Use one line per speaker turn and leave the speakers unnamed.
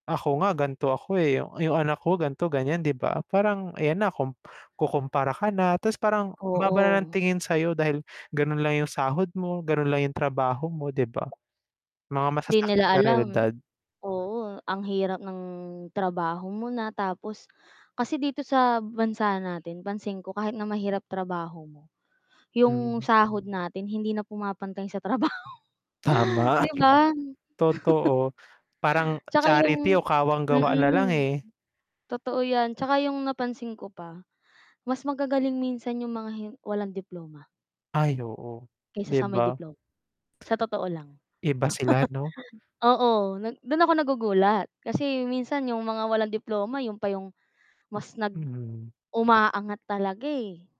"Ako nga gan'to ako, eh, yung yung anak ko gan'to, ganyan." 'di ba? Parang ayan na kum kukumpara ka na, ta's parang ang baba na ng
Oo.
tingin sa'yo dahil gano'n lang yung sahod mo, gano'n lang yung trabaho mo 'di ba? Mga
'Di nila
masasakit na
alam
reyalidad.
oo, ang hirap ng trabaho mo na tapos kasi dito sa bansa natin pansin ko kahit na mahirap trabaho mo, yung
Hmm.
sahod natin hindi na pumapantay sa trabaho,
Tama, at
'di
yu
ba?
Totoo, parang
'Tsaka
charity o
yung
kawang-gawa nalang,
mm,
eh.
totoo yan 'tsaka yung napansin ko pa, mas magagaling minsan yung mga hi walang diploma.
Ay oo,
Kaysa
'di
sa may
ba?
diploma, sa totoo lang.
Iba sila 'no?
Oo, nag do'n ako nagugulat kasi minsan yung mga walang diploma 'yun pa yung mas nag
Mhm.
umaangat talaga, eh.